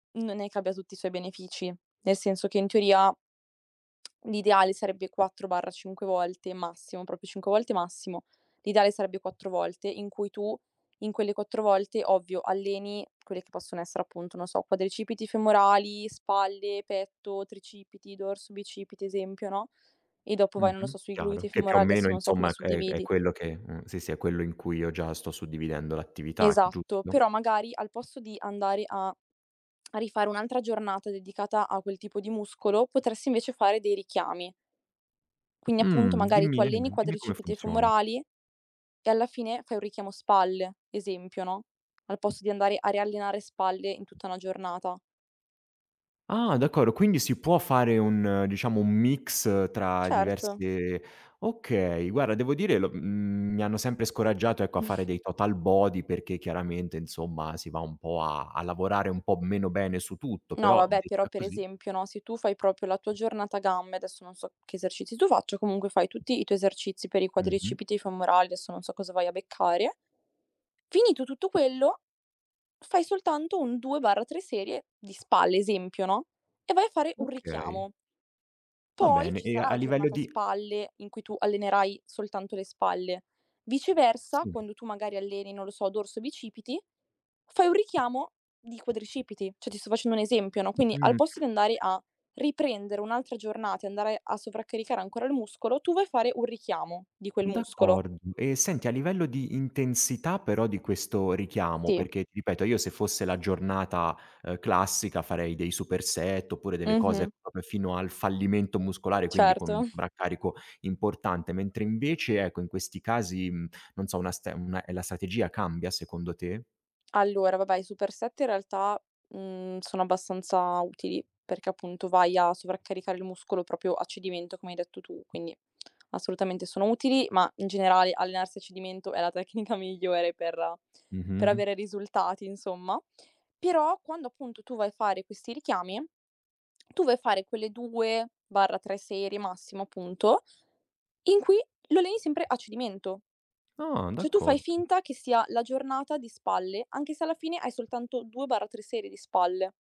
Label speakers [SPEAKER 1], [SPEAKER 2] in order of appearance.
[SPEAKER 1] Non è che abbia tutti i suoi benefici, nel senso che in teoria l'ideale sarebbe 4/5 volte massimo, proprio 5 volte massimo. L'ideale sarebbe 4 volte in cui tu, in quelle 4 volte, ovvio, alleni quelle che possono essere appunto, non so, quadricipiti femorali, spalle, petto, tricipiti, dorso, bicipiti, esempio, no, e dopo vai, non lo
[SPEAKER 2] Mh-mh.
[SPEAKER 1] so, sui
[SPEAKER 2] Chiaro.
[SPEAKER 1] glutei, i
[SPEAKER 2] Che più o
[SPEAKER 1] femoral
[SPEAKER 2] meno
[SPEAKER 1] adesso non so come
[SPEAKER 2] insomma c è è
[SPEAKER 1] suddividi.
[SPEAKER 2] quello che mh, sì, sì, è quello in cui io già sto suddividendo l'attività,
[SPEAKER 1] Esatto,
[SPEAKER 2] giusto?
[SPEAKER 1] però magari al posto di andare a a rifare un'altra giornata dedicata a quel tipo di muscolo, potresti invece fare dei richiami. Quindi appunto
[SPEAKER 2] Mh.
[SPEAKER 1] magari tu
[SPEAKER 2] Dimmi,
[SPEAKER 1] alleni i
[SPEAKER 2] ehm, dimmi come
[SPEAKER 1] quadricipiti
[SPEAKER 2] funziona.
[SPEAKER 1] femorali e alla fine fai un richiamo spalle, esempio, no, al posto di andare a riallenare spalle in tutta una giornata.
[SPEAKER 2] Ah. D'accordo, quindi si può fare un, diciamo, un mix tra
[SPEAKER 1] Certo.
[SPEAKER 2] diverse okay, guarda devo dire lo mhmm, mi hanno sempre scoraggiato, ecco, a fare dei total body perché chiaramente, insomma, si va un po' a a lavorare un po' meno bene su tutto,
[SPEAKER 1] No,
[SPEAKER 2] però
[SPEAKER 1] vabbè, però
[SPEAKER 2] detta
[SPEAKER 1] per
[SPEAKER 2] così
[SPEAKER 1] esempio, no, se tu fai proprio la tua giornata gambe adesso non so che esercizi tu faccia, comunque, fai tutti i tuoi esercizi per i
[SPEAKER 2] Mh-mh.
[SPEAKER 1] quadricipiti femorali, adesso non so cosa vai a beccare finito tutto quello, fai soltanto un 2/3 serie di spalle, esempio, no, e vai a fare un
[SPEAKER 2] Okay.
[SPEAKER 1] richiamo.
[SPEAKER 2] Va
[SPEAKER 1] Poi
[SPEAKER 2] bene,
[SPEAKER 1] ci
[SPEAKER 2] e
[SPEAKER 1] sarà
[SPEAKER 2] a
[SPEAKER 1] la
[SPEAKER 2] livello
[SPEAKER 1] giornata
[SPEAKER 2] di
[SPEAKER 1] spalle in cui tu allenerai soltanto le spalle. Viceversa,
[SPEAKER 2] Sì.
[SPEAKER 1] quando tu magari alleni, non lo so, dorso e bicipiti, fai un richiamo di quadricipiti. Cioè, ti sto facendo un esempio, no, quindi, al
[SPEAKER 2] Mh.
[SPEAKER 1] posto di andare a riprendere un'altra giornata e andare a sovraccaricare ancora il muscolo, tu vai a fare un richiamo di quel muscolo.
[SPEAKER 2] D'accord e senti, a livello di intensità però di questo richiamo,
[SPEAKER 1] Sì.
[SPEAKER 2] perché ti ripeto, io se fosse la giornata, ehm, classica farei dei super set oppure delle cose
[SPEAKER 1] Mh-mh.
[SPEAKER 2] proprio fino al fallimento muscolare, quindi con
[SPEAKER 1] Certo.
[SPEAKER 2] un sovraccarico importante, mentre invece ecco, in questi casi, mhmm, non so, una ste una e la strategia cambia secondo te?
[SPEAKER 1] Allora, vabbè, i super set in realtà, mhmm, sono abbastanza utili, perché appunto vai a sovraccaricare il muscolo proprio a cedimento, come hai detto tu, quindi assolutamente sono utili, ma in generale allenarsi a cedimento è la tecnica migliore per per
[SPEAKER 2] Mh-mh.
[SPEAKER 1] avere risultati insomma. Però, quando appunto tu vai a fare questi richiami, tu vai a fare quelle 2/3 serie massimo appunto, in cui lo alleni sempre a cedimento.
[SPEAKER 2] Ah,
[SPEAKER 1] Cioè tu fai
[SPEAKER 2] d'accordo.
[SPEAKER 1] finta che sia la giornata di spalle, anche se alla fine hai soltanto 2/3 serie di spalle.